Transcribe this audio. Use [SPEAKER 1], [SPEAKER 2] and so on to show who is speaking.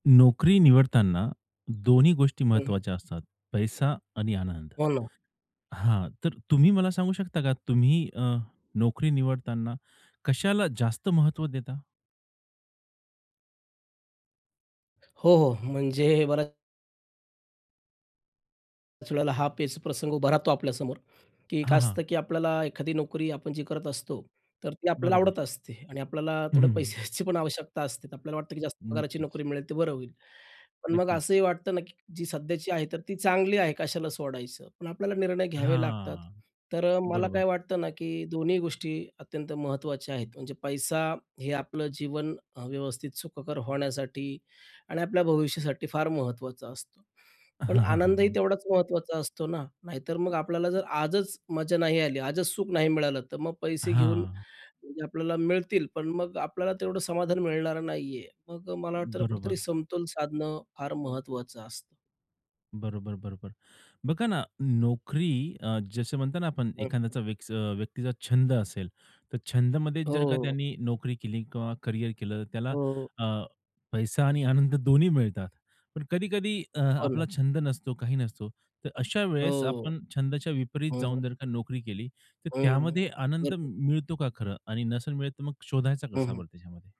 [SPEAKER 1] नोकरी निवडतांना दोन्ही गोष्टी
[SPEAKER 2] हं, हं.
[SPEAKER 1] महत्वाच्या असतात. पैसा आणि आनंद,
[SPEAKER 2] हो ना.
[SPEAKER 1] हां, तर तुम्ही मला सांगू शकता का तुम्ही अ, नोकरी निवडताना कशाला जास्त महत्व देता?
[SPEAKER 2] हो, हो. म्हणजे बऱ्याच त्याच वेळेला हा पेचप्रसंग उभा राहतो आपल्यासमोर की काय
[SPEAKER 1] हां,
[SPEAKER 2] असतं,
[SPEAKER 1] हां.
[SPEAKER 2] की आपल्याला एखादी नोकरी आपण जी करत असतो. तर ती आपल्याला आवडत
[SPEAKER 1] बरोबर.
[SPEAKER 2] असते आणि आपल्याला
[SPEAKER 1] हं, हं,
[SPEAKER 2] थोडे
[SPEAKER 1] हं.
[SPEAKER 2] पैशाची पण आवश्यकता असते तर आपल्याला वाटतं, की जास्त पगाराची
[SPEAKER 1] नक्कीच.
[SPEAKER 2] नोकरी मिळेल तर बरं होईल. पण मग
[SPEAKER 1] नक्कीच.
[SPEAKER 2] असंही वाटतं ना, की जी सध्याची आहे तर ती चांगली आहे कशाला सोडायचं. पण आपल्याला निर्णय घ्यावे लागतात.
[SPEAKER 1] हां,
[SPEAKER 2] तर अ, मला
[SPEAKER 1] बरोबर.
[SPEAKER 2] काय वाटतं ना, की दोन्ही गोष्टी अत्यंत महत्त्वाच्या आहेत म्हणजे पैसा हे आपलं जीवन अ, व्यवस्थित सुखकर होण्यासाठी आणि आपल्या भविष्यासाठी फार महत्त्वाचं असतं पण
[SPEAKER 1] हां, हां, हां,
[SPEAKER 2] आनंदही
[SPEAKER 1] हां.
[SPEAKER 2] तेवढाच महत्त्वाचा असतो ना, नाहीतर मग आपल्याला जर आजच मजा नाही आली आजच सुख नाही मिळालं तर मग पैसे घेऊन
[SPEAKER 1] हां.
[SPEAKER 2] आपल्याला मिळतील पण मग आपल्याला तेवढं समाधान मिळणारं नाहीये. मग अ, मला वाटतं, कुठेतरी
[SPEAKER 1] बरोबर.
[SPEAKER 2] समतोल साधणं फार महत्त्वाचं असतं.
[SPEAKER 1] बरोबर, बरोबर. बघा ना, नोकरी अ, जसं म्हणतो ना आपण एखाद्या विक्स अ, व्यक्तीचा छंद असेल, तर छंदमध्ये जर का
[SPEAKER 2] हो.
[SPEAKER 1] त्यांनी नोकरी केली किंवा करिअर केलं तर त्याला
[SPEAKER 2] हो.
[SPEAKER 1] अ, पैसा आणि आनंद दोन्ही मिळतात. पण कधी-कधी अ,
[SPEAKER 2] हो ना.
[SPEAKER 1] आपला छंद नसतो काही नसतो. तर अशा वेळेस
[SPEAKER 2] हो,
[SPEAKER 1] आपण छंदाच्या विपरीत
[SPEAKER 2] हो.
[SPEAKER 1] जाऊन जर का नोकरी केली तर
[SPEAKER 2] हं,
[SPEAKER 1] त्यामध्ये आनंद मि
[SPEAKER 2] बरोबर.
[SPEAKER 1] मिळतो का खरं? आणि नसेल मिळेल तर मग शोधायचा
[SPEAKER 2] हं,
[SPEAKER 1] कसा
[SPEAKER 2] हं.
[SPEAKER 1] बरं त्याच्यामध्ये?